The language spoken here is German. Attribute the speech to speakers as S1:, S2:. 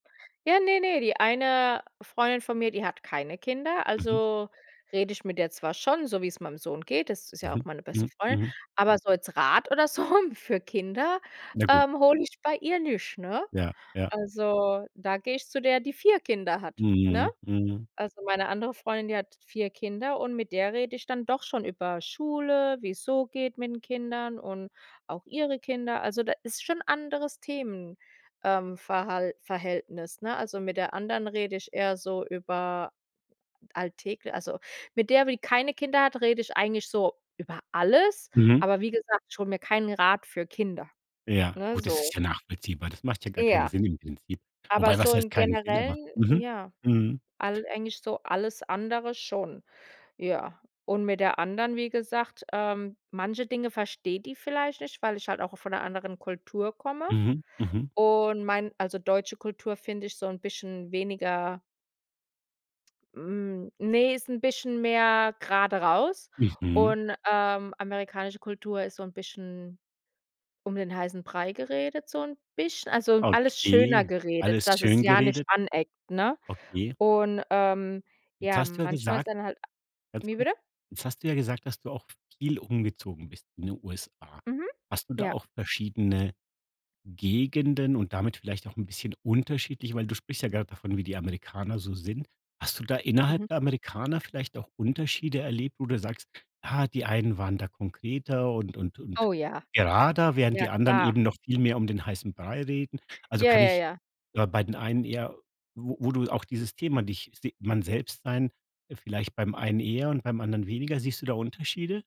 S1: Ja, ne, ne, die eine Freundin von mir, die hat keine Kinder,
S2: Mhm.
S1: also rede ich mit der zwar schon, so, wie's meinem Sohn geht. Das ist ja auch
S2: Mhm,
S1: meine beste
S2: mhm,
S1: Freundin,
S2: mhm.
S1: aber so als Rat oder so für Kinder,
S2: Ja gut.
S1: ähm, hole ich bei ihr nicht, ne?
S2: Ja, ja.
S1: Also, da gehe ich zu der, die 4 Kinder hat, ne?
S2: Mhm, mhm.
S1: Also, meine andere Freundin, die hat 4 Kinder und mit der rede ich dann doch schon über Schule, wie's so geht mit 'n Kindern und auch ihre Kinder. Also, da ist schon anderes Themen, ähm, Verhalt Verhältnis, ne? Also mit der anderen rede ich eher so über alltägl also mit der, die keine Kinder hat, rede ich eigentlich so über alles,
S2: Mhm.
S1: aber wie gesagt, ich hole mir keinen Rat für Kinder,
S2: Ja,
S1: ne,
S2: gut, das ist
S1: so.
S2: ja nachvollziehbar. Das macht ja gar keinen
S1: Ja.
S2: Sinn im Prinzip.
S1: Aber
S2: Wobei, was
S1: so
S2: heißt
S1: im
S2: keinen Sinn, aber
S1: Generellen,
S2: mhm,
S1: ja,
S2: mhm.
S1: all eigentlich so alles andere schon. Ja, und mit der anderen, wie gesagt, ähm, manche Dinge versteht die vielleicht nicht, weil ich halt auch von 'ner anderen Kultur komme.
S2: Mhm, mhm.
S1: Und mein also deutsche Kultur finde ich so 'n bisschen weniger Hm, ne, ist 'n bisschen mehr grade raus.
S2: Mhm.
S1: Und, ähm, amerikanische Kultur ist so 'n bisschen um den heißen Brei geredet, so 'n bisschen also, alles schöner
S2: Okay,
S1: geredet,
S2: alles
S1: dass es
S2: schön
S1: ja nicht
S2: geredet.
S1: aneckt, ne,
S2: Okay.
S1: und, ähm,
S2: Jetzt
S1: ja,
S2: hast du ja
S1: manchmal ist
S2: gesagt
S1: ja dann halt a
S2: ganz
S1: wie
S2: kurz,
S1: bitte?
S2: jetzt hast du ja gesagt, dass du auch viel umgezogen bist in den USA.
S1: Mhm,
S2: Hast du da
S1: ja.
S2: auch verschiedene Gegenden und damit vielleicht auch 'n bisschen unterschiedliche weil du sprichst ja grad davon, wie die Amerikaner so sind. Hast du da innerhalb
S1: Mhm.
S2: der Amerikaner vielleicht auch Unterschiede erlebt, wo du sagst: „Ah, die einen waren da konkreter und und und
S1: Oh ja,
S2: gerader, während
S1: ja
S2: die anderen
S1: klar.
S2: eben noch viel mehr um den heißen Brei reden.“ Also
S1: Ja,
S2: kann
S1: ja,
S2: ich,
S1: ja.
S2: äh, bei den einen eher wo wo du auch dieses Thema dich s man selbst sein, äh, vielleicht beim einen eher und beim anderen weniger? Siehst du da Unterschiede?